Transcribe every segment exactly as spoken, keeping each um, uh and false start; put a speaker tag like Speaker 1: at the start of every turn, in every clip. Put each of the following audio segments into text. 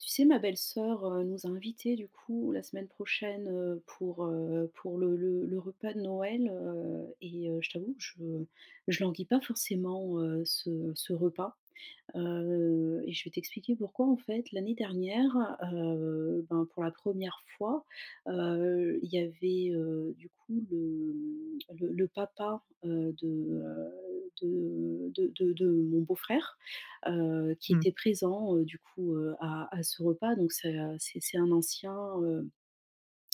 Speaker 1: Tu sais ma belle-soeur, heu, nous a invités du coup la semaine prochaine, heu, pour, heu, pour le le le repas de Noël, heu et heu, je t'avoue, que je je languis pas forcément, heu, ce ce repas, heu et je vais t'expliquer pourquoi. En fait, l'année dernière, heu, ben pour la première fois, heu, il y avait, heu, du coup le le le papa, heu, de, heu, de de de de mon beau-frère, heu, qui
Speaker 2: Mmh.
Speaker 1: était présent, heu, du coup, heu, à à ce repas donc c'est, heu, c'est c'est un ancien, heu,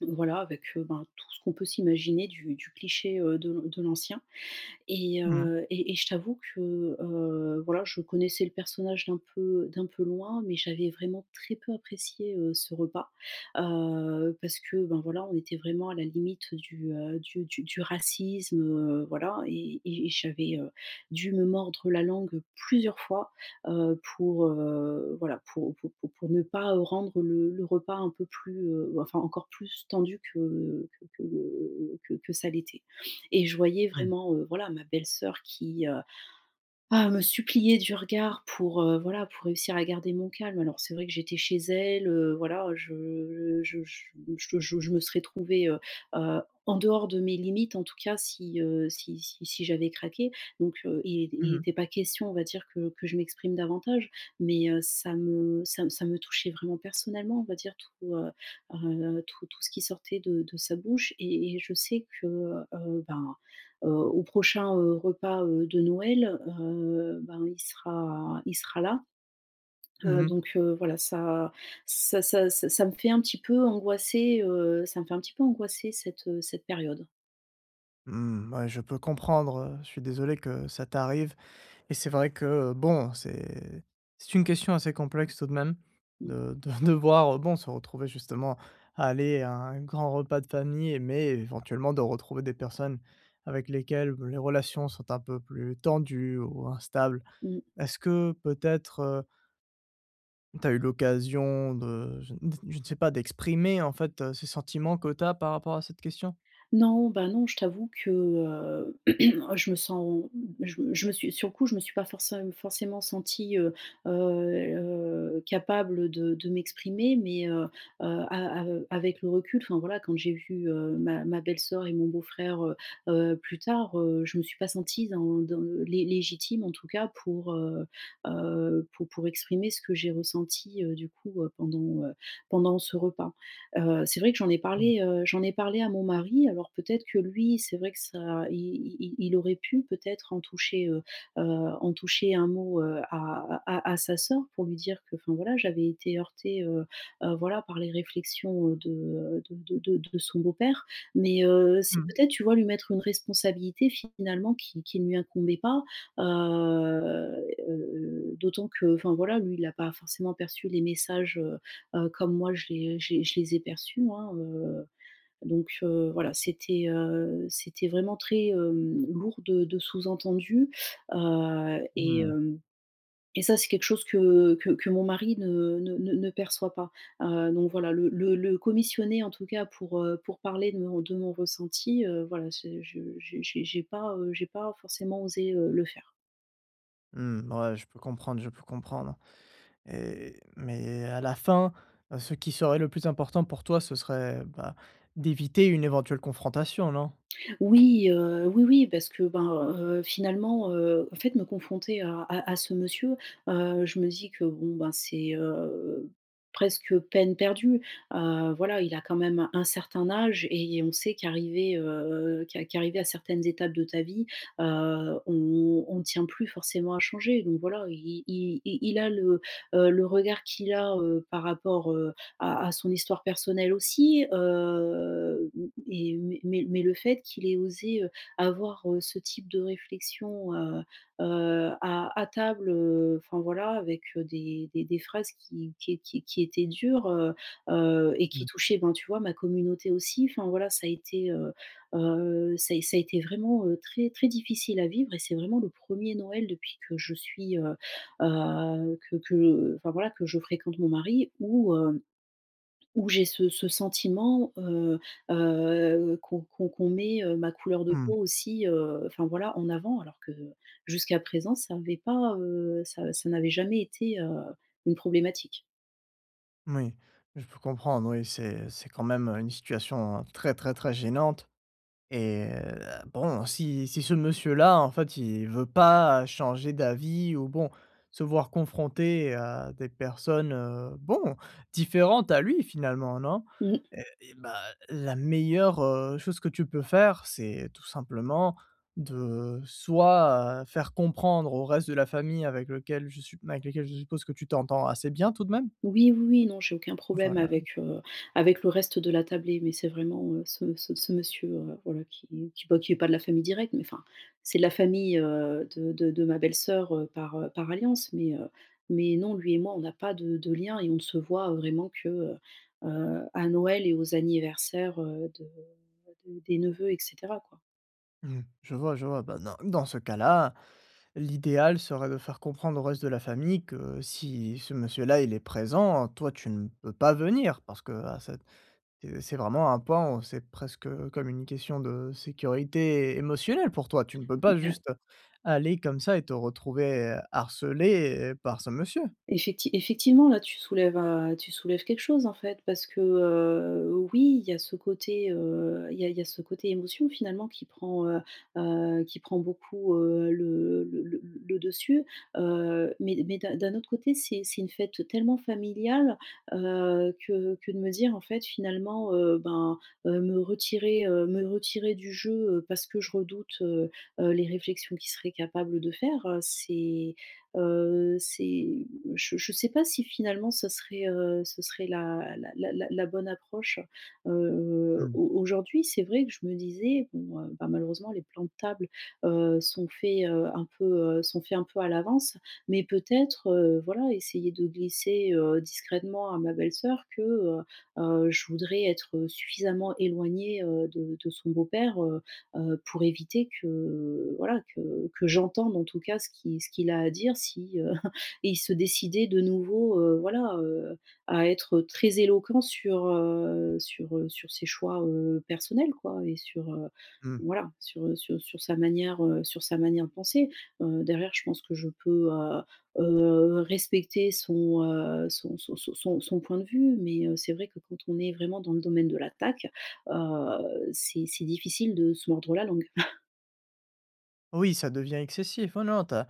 Speaker 1: voilà avec, heu, ben tout ce qu'on peut s'imaginer du du cliché, heu, de l de l'ancien et
Speaker 2: Mmh mh.
Speaker 1: heu et et je t'avoue que, heu, voilà je connaissais le personnage d'un peu d'un peu loin, mais j'avais vraiment très peu apprécié, heu, ce repas, heu, parce que ben voilà on était vraiment à la limite du du du du racisme, heu, voilà et et j'avais dû me mordre la langue plusieurs fois, heu, pour, heu voilà pour pour pour pour ne pas rendre, heu, le le repas un peu plus, heu, enfin encore plus tendu que que que que que ça l'était et je voyais
Speaker 2: Mmh.
Speaker 1: vraiment, heu, voilà, ma belle-soeur qui, heu, ah me suppliait du regard pour, heu, voilà pour réussir à garder mon calme, alors c'est vrai que j'étais chez elle, heu, voilà je je je je je je me serais trouvée, heu heu, en dehors de mes limites en tout cas si, heu, si si si j'avais craqué. Donc heu, il était il était
Speaker 2: Mmh
Speaker 1: il
Speaker 2: mh.
Speaker 1: était pas question on va dire que que je m'exprime davantage mais heu, ça m ça me ça me touchait vraiment personnellement, on va dire tout, heu heu, tout tout ce qui sortait de de sa bouche et et je sais que, heu, ben, heu, au prochain, heu, repas, heu, de Noël, heu, ben il sera il sera là,
Speaker 2: Mmh
Speaker 1: heu,
Speaker 2: mh.
Speaker 1: donc heu, voilà ça ça ça ça ça ça me fait un petit peu angoisser, heu, ça me fait un petit peu angoisser cette, heu, cette période.
Speaker 2: Mmh, ouais, je peux comprendre, heu, je suis désolé que ça t'arrive et c'est vrai que bon c'est c'est une question assez complexe tout de même
Speaker 1: Mmh.
Speaker 2: de de devoir bon se retrouver justement à aller à un grand repas de famille, mais éventuellement de retrouver des personnes avec lesquelles les relations sont un peu plus tendues ou instables.
Speaker 1: Mmh.
Speaker 2: Est-ce que peut-être, heu tu as eu l'occasion de, je ne d je ne sais pas d'exprimer en fait, ce sentiment que tu as par rapport à cette question?
Speaker 1: Non, bah non je t'avoue que, heu je me sens je me je me suis sur le coup je me suis pas forçé forcément sentie, heu heu heu, capable de de m'exprimer, mais heu heu, a av avec le recul enfin voilà quand j'ai vu, heu, ma ma belle-soeur et mon beau-frère, heu heu, plus tard, heu, je me suis pas sentie dans dans le lé légitime en tout cas pour, heu heu, pour pour exprimer ce que j'ai ressenti, heu, du coup, heu, pendant, heu, pendant ce repas. Heu, c'est vrai que j'en ai
Speaker 2: Mmh.
Speaker 1: parlé, heu, j'en ai parlé à mon mari alors, peut-être, que lui c'est vrai que ça i i i il aurait pu peut-être en toucher, heu heu, en toucher un mot, heu, à à à sa sœur pour lui dire que, enfin voilà j'avais été heurtée, heu heu, voilà par les réflexions de de de de son beau-père. Mais heu, c'est
Speaker 2: Mmh.
Speaker 1: peut-être, tu vois, lui mettre une responsabilité finalement qui qui ne lui incombait pas, heu heu heu, d'autant que, enfin voilà lui il a pas forcément perçu les messages, heu heu, comme moi je les je les je les ai perçus moi, heu, donc heu, voilà c'était, heu, c'était vraiment très, hem, lourd de de sous-entendu, heu et
Speaker 2: Mmh.
Speaker 1: hem, et ça c'est quelque chose que que que mon mari ne ne ne perçoit pas. Heu, donc voilà, le le le commissionner en tout cas pour, heu, pour parler de mon de mon ressenti, heu voilà, c je j'ai j'ai pas, heu, j'ai pas forcément osé, heu, le faire.
Speaker 2: Mmh, ouais, je peux comprendre, je peux comprendre et mais à la fin, ce qui serait le plus important pour toi, ce serait, bah, d'éviter une éventuelle confrontation, non?
Speaker 1: Oui, heu, oui oui parce que ben, heu, finalement, heu, en fait me confronter à à à ce monsieur, heu, je me dis que bon ben, c'est, heu, presque peine perdue, heu, voilà, il a quand même un certain âge et et on sait qu'arrivé, heu, qu qu'arrivé à certaines étapes de ta vie, heu, on on tient plus forcément à changer donc voilà. I i i il a le, heu, le regard qu'il a, heu, par rapport, heu, à à son histoire personnelle aussi, heu, m m et mais mais mais le fait qu'il ait osé, heu, avoir, heu, ce type de réflexion, heu heu, à à table, heu, enfin voilà avec, heu, des des des phrases qui qui qui étaient dures, heu heu et
Speaker 2: Mmh.
Speaker 1: qui touchaient ben, tu vois ma communauté aussi enfin voilà ça a été, heu heu, ça a é ça a été vraiment, heu, très très difficile à vivre et c'est vraiment le premier Noël depuis que je suis, heu heu, que que enfin voilà, que je fréquente mon mari où hem, où j'ai ce ce sentiment, heu heu, qu'on qu'on qu'on, heu, met ma couleur de
Speaker 2: Mmh.
Speaker 1: peau aussi, heu, enfin voilà en avant alors que jusqu'à présent ça avait pas, heu, ça ça n'avait jamais été, heu, une problématique.
Speaker 2: Moui, je peux comprendre oui, c'est c'est quand même, heu, une situation très très très gênante et bon si si ce monsieur-là en fait il veut pas changer d'avis ou bon se voir confronté à des personnes, heu, bon, différentes à lui finalement non?
Speaker 1: Mmh.
Speaker 2: Heu et bah la meilleure, heu, chose que tu peux faire c'est tout simplement de soit, heu, faire comprendre au reste de la famille avec lequel je su avec lesquels je suppose que tu t'entends assez bien tout de même?
Speaker 1: Oui, oui, oui, non, j'ai aucun problème
Speaker 2: Voilà.
Speaker 1: avec, heu, avec le reste de la tablée, mais c'est vraiment, heu, ce ce ce monsieur, heu, voilà qui qui bah, qui est pas de la famille directe, mais enfin, c'est la famille, heu, de de de ma belle-soeur par, heu, par alliance, mais heu, mais non, lui et moi on n'a pas de de lien et on ne se voit vraiment que, heu heu, à Noël et aux anniversaires, heu de bah de des neveux et cetera, quoi.
Speaker 2: Mmh mh. Je vois, je vois, bah dans dans ce cas-là, l'idéal serait de faire comprendre au reste de la famille que si ce monsieur-là, il est présent, toi, tu ne peux pas venir parce qu'à cette, heu, c'est vraiment un pan c'est presque comme une question de sécurité émotionnelle pour toi! Tu ne peux
Speaker 1: Il
Speaker 2: pas
Speaker 1: y a
Speaker 2: juste aller comme ça et te retrouver harcelée par ce monsieur!
Speaker 1: Effecti effectivement, là, tu soulèves, heu, tu soulèves quelque chose en fait, parce que, heu, oui, il y a ce côté, heu, il y a il y a ce côté émotion finalement qui prend, heu heu, qui prend beaucoup, heu, le le le le dessus, heu, mais mais d'un d'un autre côté c'est c'est une fête tellement familiale, heu, que que de me dire, en fait finalement, heu, ben, heu, me retirer, heu, me retirer du jeu, heu, parce que je redoute, heu heu, les réflexions qu'il serait capable de faire c'est, heu, c'est je je sais pas si finalement ça serait, heu, ce serait la la la la bonne approche. Heu,
Speaker 2: Mmh.
Speaker 1: au aujourd'hui c'est vrai que je me disais, bon heu, bah, malheureusement les plans de table, heu, sont faits, heu, un peu, heu, sont faits un peu à l'avance, mais peut-être, heu, voilà essayer de glisser, heu, discrètement à ma belle-soeur que, heu heu, je voudrais être suffisamment éloignée, heu, de de son beau-père, heu heu, pour éviter que, heu, voilà que que j'entende en tout cas ce qui ce qu'il a à dire s'il se décidait de nouveau, heu, voilà, heu, à être très éloquent sur, heu, sur sur ses choix, heu, personnels quoi et sur, heu,
Speaker 2: Mmh.
Speaker 1: voilà sur sur sur sa manière heu, sur sa manière de penser. Heu, derrière, je pense que je peux, heu heu, respecter son, heu, son son son son son point de vue mais, heu, c'est vrai que quand on est vraiment dans le domaine de l'attaque, heu, c'est c'est difficile de se mordre la langue.
Speaker 2: Oui, ça devient excessif. Oh non tu as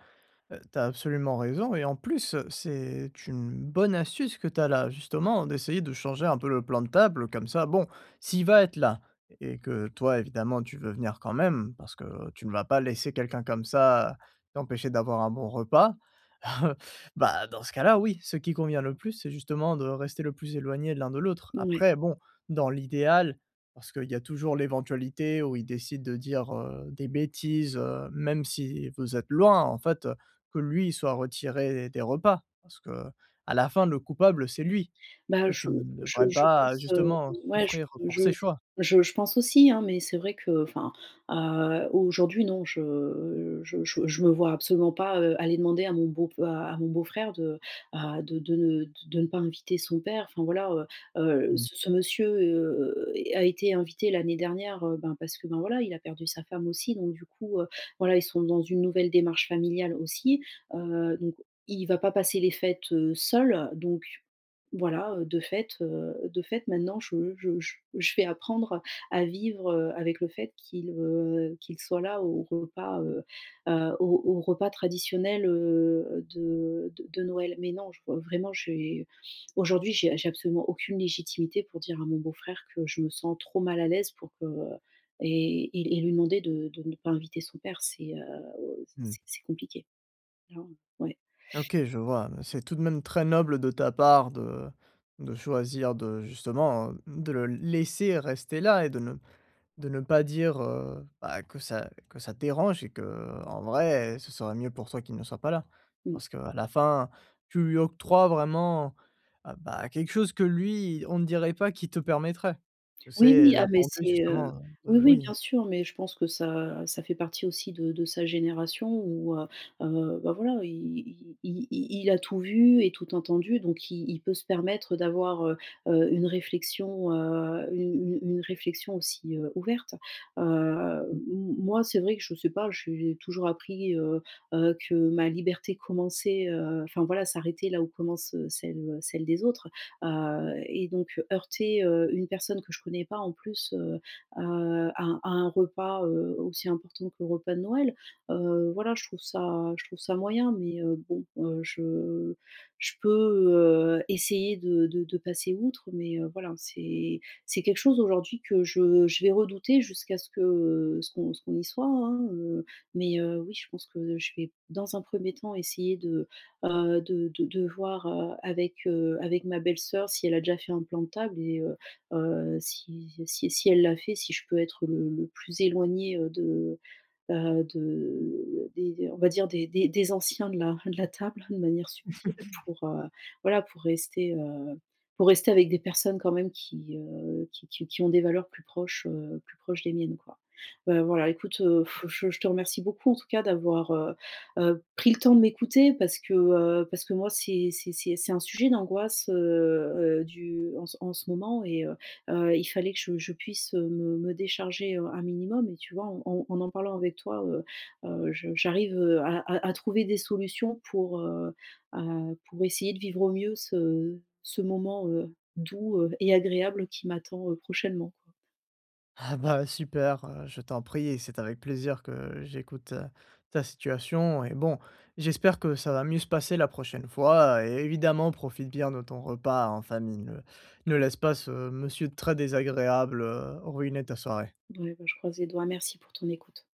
Speaker 2: tu as absolument raison et en plus, heu, c'est une bonne astuce que tu as là justement d'essayer de changer un peu le plan de table. Heu, comme ça, bon! S'il va être là et que toi, évidemment, tu veux venir quand même parce que tu ne vas pas laisser quelqu'un comme ça t'empêcher d'avoir un bon repas, bah, dans ce cas-là oui, ce qui convient le plus c'est justement de rester le plus éloigné l'un de l'autre.
Speaker 1: Ouais.
Speaker 2: Après bon, dans l'idéal parce qu'il y a toujours l'éventualité où il décide de dire, heu, des bêtises, heu, même si vous êtes loin en fait, heu, que lui il soit retiré des repas. Parce qu'à la fin, le coupable, c'est lui!
Speaker 1: Bah,
Speaker 2: Toi,
Speaker 1: je
Speaker 2: tu ne
Speaker 1: je
Speaker 2: devrais
Speaker 1: je
Speaker 2: pas,
Speaker 1: pense, heu,
Speaker 2: justement,
Speaker 1: ouais je
Speaker 2: souffrir pour
Speaker 1: je
Speaker 2: ses
Speaker 1: je
Speaker 2: choix!
Speaker 1: je je pense aussi, hein! Mais c'est vrai que, enfin, heu, aujourd'hui non, je je je je me vois absolument pas, heu, aller demander à mon beau f à à mon beau frère de, heu, de de ne de de ne pas inviter son père. Enfin voilà, heu heu,
Speaker 2: Mmh.
Speaker 1: ce ce monsieur, heu est a été invité l'année dernière, heu, ben parce que, ben, voilà, il a perdu sa femme aussi donc du coup, heu, voilà ils sont dans une nouvelle démarche familiale aussi. Heu, donc il va pas passer les fêtes, heu, seul. Donc voilà, heu, de fait, heu, de fait, maintenant je je je vais apprendre à vivre, heu, avec le fait qu'il, heu, qu'il soit là au repas, heu, heu, au au repas traditionnel, heu, de de de Noël. Mais non je re vraiment, j'ai aujourd'hui j'ai j'ai absolument aucune légitimité pour dire à mon beau-frère que je me sens trop mal à l'aise pour que et et et lui demander de de ne pas inviter son père c'est, heu, c'est
Speaker 2: Mmh.
Speaker 1: c'est c'est compliqué. Clairement. Ouais!
Speaker 2: OK je vois, c'est tout de même très noble de ta part de de choisir de justement de le laisser rester là et de ne de ne pas dire, heu, bah que ça que ça dérange et qu'en vrai ce serait mieux pour toi qu'il ne soit pas là.
Speaker 1: Mmh.
Speaker 2: Parce qu'à la fin tu lui octroies vraiment ah bah, quelque chose que lui, on ne dirait pas qu'il te permettrait!
Speaker 1: Oui,
Speaker 2: C'est
Speaker 1: oui,
Speaker 2: la
Speaker 1: ah mais
Speaker 2: bonté
Speaker 1: c'est, heu
Speaker 2: justement
Speaker 1: oui,
Speaker 2: de
Speaker 1: oui bien
Speaker 2: oui.
Speaker 1: sûr. Mais je pense que ça ça fait partie aussi de de sa génération où, heu heu, bah voilà, i i i il a tout vu et tout entendu donc i il peut se permettre d'avoir, heu heu, une réflexion, heu, une une une réflexion aussi, heu, ouverte. Heu,
Speaker 2: Mmh.
Speaker 1: m moi c'est vrai que je sais pas, j'ai toujours appris, heu heu, que ma liberté commençait, heu, enfin voilà, s'arrêtait là où commence, heu, celle, heu, celle des autres, heu et donc heurter, heu, une personne que je connais pas en plus, heu, à, heu, à un à un repas, heu, aussi important que le repas de Noël, heu, voilà je trouve ça je trouve ça moyen. Mais, heu, bon, heu, je je peux, heu, essayer de de de passer outre, mais, heu, voilà. C'est c'est quelque chose aujourd'hui que je je vais redouter jusqu'à ce que ce qu'on ce qu'on y soit, hein. Heu, mais heu, oui je pense que je vais dans un premier temps essayer de bah, heu, de de de voir, heu, avec, heu, avec ma belle-sœur si elle a déjà fait un plan de table et heu heu, si si si elle l'a fait, si je peux être, heu, le le plus éloignée, heu, de bah de des d on va dire des des anciens de la de la table de manière subtile. Pour, heu, voilà, pour rester, heu, pour rester avec des personnes quand même qui, heu, qui qui qui ont des valeurs plus proches, heu, plus proches des miennes quoi. Bah, voilà écoute, heu, f je je te remercie beaucoup en tout cas d'avoir, heu heu, pris le temps de m'écouter parce que, heu, parce que moi c'est c'est c'est un sujet d'angoisse, heu heu, du en ce moment et heu heu, il fallait que je je puisse me me décharger, heu, un minimum et tu vois, en en en parlant avec toi, heu heu, je j'arrive, heu, à à à trouver des solutions pour, heu heu, pour essayer de vivre au mieux ce ce moment, heu, doux, heu et agréable qui m'attend, heu, prochainement quoi.
Speaker 2: Ah bah, super! Heu, je t'en prie et c'est avec plaisir que j'écoute, heu, ta situation et bon, j'espère que ça va mieux se passer la prochaine fois et évidemment profite bien de ton repas en famille. Ne ne laisse pas ce monsieur très désagréable, heu, ruiner ta soirée.
Speaker 1: Ouais bah, je croise les doigts, merci pour ton écoute.